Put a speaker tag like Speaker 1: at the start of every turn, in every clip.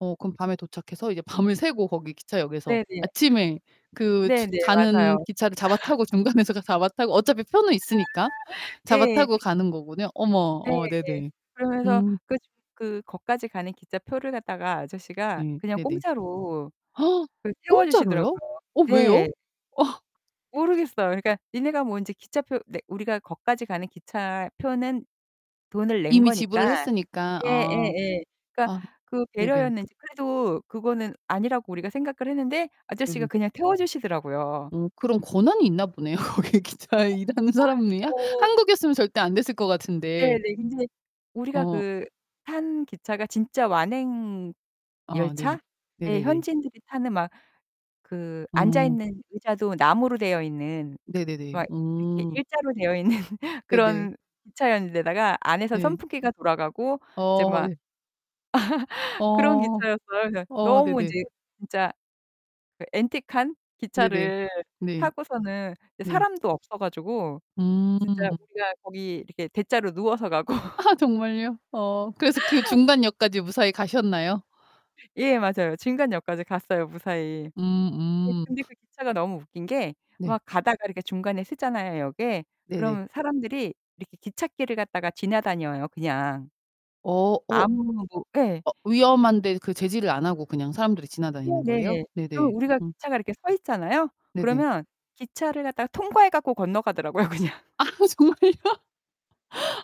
Speaker 1: 어 그럼 밤에 도착해서 이제 밤을 새고 거기 기차역에서
Speaker 2: 네 네.
Speaker 1: 아침에 그 추
Speaker 2: 네 네.
Speaker 1: 가는
Speaker 2: 맞아요.
Speaker 1: 기차를 잡아 타고 중간에서 잡아 타고 어차피 표는 있으니까 잡아
Speaker 2: 예.
Speaker 1: 타고 가는 거군요. 어머.
Speaker 2: 네.
Speaker 1: 어 네네.
Speaker 2: 그러면서
Speaker 1: 음.
Speaker 2: 그 그 거까지 가는 기차표를 갖다가 아저씨가
Speaker 1: 예
Speaker 2: 그냥
Speaker 1: 네네.
Speaker 2: 공짜로 그
Speaker 1: 공짜로요?
Speaker 2: 태워주시더라고요.
Speaker 1: 어 왜요?
Speaker 2: 네. 모르겠어요. 그러니까 '니네가 뭐 이제 기차표 내' 우리가 거까지 가는 기차표는 돈을 낸
Speaker 1: 이미
Speaker 2: 거니까
Speaker 1: 지불을 했으니까. 어.
Speaker 2: 예예예. 그니까
Speaker 1: 아
Speaker 2: 그
Speaker 1: 네네.
Speaker 2: 배려였는지 그래도 그거는 아니라고 우리가 생각을 했는데 아저씨가
Speaker 1: 네네.
Speaker 2: 그냥 태워주시더라고요.
Speaker 1: 어 그런 권한이 있나 보네요 거기 기차에 일하는 사람이요?
Speaker 2: 어.
Speaker 1: 한국이었으면 절대 안됐을 것 같은데.
Speaker 2: 네네. 근데 우리가
Speaker 1: 어.
Speaker 2: 그 탄 기차가 진짜 완행열차에
Speaker 1: 아 네네. 네네네.
Speaker 2: 현지인들이 타는 막 그 앉아
Speaker 1: 음.
Speaker 2: 있는 의자도 나무로 되어 있는
Speaker 1: 네네네.
Speaker 2: 막 이렇게
Speaker 1: 어.
Speaker 2: 일자로 되어 있는
Speaker 1: 네네.
Speaker 2: 그런 기차였는 데다가 안에서
Speaker 1: 네.
Speaker 2: 선풍기가 돌아가고 이제
Speaker 1: 어
Speaker 2: 막
Speaker 1: 네.
Speaker 2: 그런
Speaker 1: 어.
Speaker 2: 기차였어요. 그래서
Speaker 1: 어
Speaker 2: 너무
Speaker 1: 네네.
Speaker 2: 이제 진짜 그 앤티크한
Speaker 1: 네네.
Speaker 2: 기차를
Speaker 1: 네.
Speaker 2: 타고서는
Speaker 1: 네.
Speaker 2: 사람도 없어 가지고 진짜
Speaker 1: 음.
Speaker 2: 우리가 거기 이렇게 대자로 누워서 가고
Speaker 1: 정말요? 어. 그래서 그 중간 역까지 무사히 가셨나요?
Speaker 2: 예. 맞아요. 중간역까지 갔어요, 무사히. 네.
Speaker 1: 음음.
Speaker 2: 근데 그 기차가 너무 웃긴 게
Speaker 1: 네.
Speaker 2: 막 가다가 이렇게 중간에 서잖아요, 역에.
Speaker 1: 네네.
Speaker 2: 그럼 사람들이 이렇게 기찻길을 갖다가 지나다녀요 그냥.
Speaker 1: 어. 어.
Speaker 2: 아무 뭐 예.
Speaker 1: 어 위험한데 그 제지를 안하고 그냥 사람들이 지나다니는 거예요?
Speaker 2: 네네.
Speaker 1: 네네.
Speaker 2: 그럼 우리가
Speaker 1: 음.
Speaker 2: 기차가 이렇게 서있잖아요?
Speaker 1: 네네.
Speaker 2: 그러면 기차를 갖다가 통과해 갖고 건너가더라고요 그냥.
Speaker 1: 아 정말요?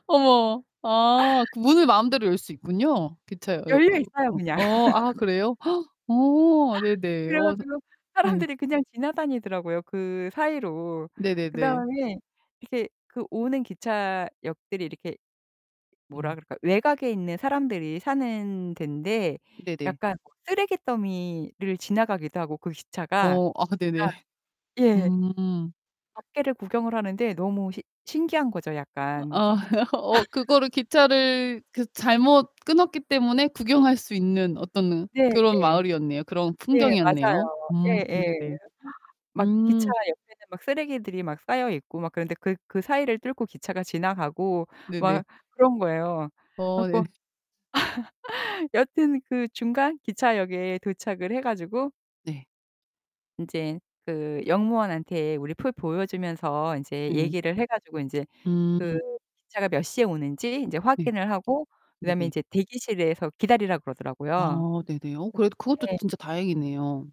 Speaker 1: 어머. 아. 그 문을 마음대로 열 수 있군요. 기차 여
Speaker 2: 여유
Speaker 1: 으
Speaker 2: 있어요 그냥.
Speaker 1: 어 어 아. 그래요? 어. 네네.
Speaker 2: 그래
Speaker 1: 어.
Speaker 2: 가지고
Speaker 1: 네.
Speaker 2: 사람들이 그냥 지나다니더라고요, 그 사이로.
Speaker 1: 네네네.
Speaker 2: 그다음에 이렇게 그 오는 기차역들이 이렇게 뭐라
Speaker 1: 음.
Speaker 2: 그럴까 외곽에 있는 사람들이 사는덴데
Speaker 1: 네네.
Speaker 2: 약간 쓰레기 더미를 지나가기도 하고 그 기차가
Speaker 1: 어. 아 근데 네.
Speaker 2: 진짜 예.
Speaker 1: 음.
Speaker 2: 밖에를 구경을 하는데 너무 시 신기한 거죠
Speaker 1: 어
Speaker 2: 약간.
Speaker 1: 아. 어 그거를 기차를 그 잘못 끊었기 때문에 구경할 수 있는 어떤 그런
Speaker 2: 네네.
Speaker 1: 마을이었네요 그런
Speaker 2: 예.
Speaker 1: 풍경이었네요.
Speaker 2: 맞아요.
Speaker 1: 음.
Speaker 2: 예예.
Speaker 1: 네네.
Speaker 2: 막 기차
Speaker 1: 음.
Speaker 2: 옆에는 막 쓰레기들이 막 쌓여있고 막 그런데 그 그 사이를 뚫고 기차가 지나가고
Speaker 1: 네네.
Speaker 2: 막 그런 거예요. 그래
Speaker 1: 어 네.
Speaker 2: 갖고 여하튼 그 중간 기차역에 도착을 해 가지고
Speaker 1: 네.
Speaker 2: 인제 그 역무원한테 우리 표 보여주면서 인제
Speaker 1: 네.
Speaker 2: 얘기를 해 가지고 인제 그
Speaker 1: 음.
Speaker 2: 기차가 몇 시에 오는지 이제
Speaker 1: 네.
Speaker 2: 확인을 하고 그다음에
Speaker 1: 네네.
Speaker 2: 이제 대기실에서 기다리라 그러더라고요.
Speaker 1: 아 네네. 어 그래도 그것도
Speaker 2: 네.
Speaker 1: 진짜 다행이네요.